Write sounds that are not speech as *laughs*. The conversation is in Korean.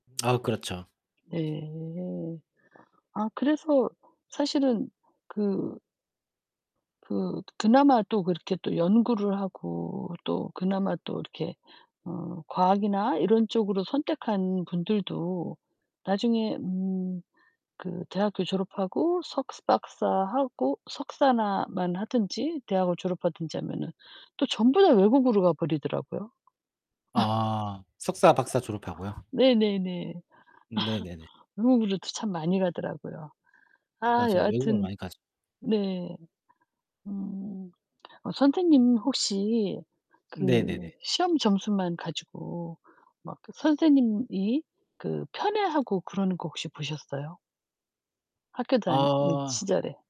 아 그렇죠. 네. 아 그래서 사실은 그 그 그나마 또 그렇게 또 연구를 하고 또 그나마 또 이렇게 어 과학이나 이런 쪽으로 선택한 분들도 나중에 음 그 대학교 졸업하고 석박사하고 석사나 만 하든지 대학을 졸업하든지 하면은 또 전부 다 외국으로 가버리더라고요. *laughs* 아. 석사, 박사 졸업하고요? 네네네. 네네네. *laughs* 외국으로도 참 많이 가더라고요. 아 맞아요. 외국을 여하튼 많이 가죠. 네. 음 어 선생님 혹시 그 네네네. 시험 점수만 가지고 막 선생님이 그 편애하고 그러는 거 혹시 보셨어요? 학교 다닐 아. 시절에.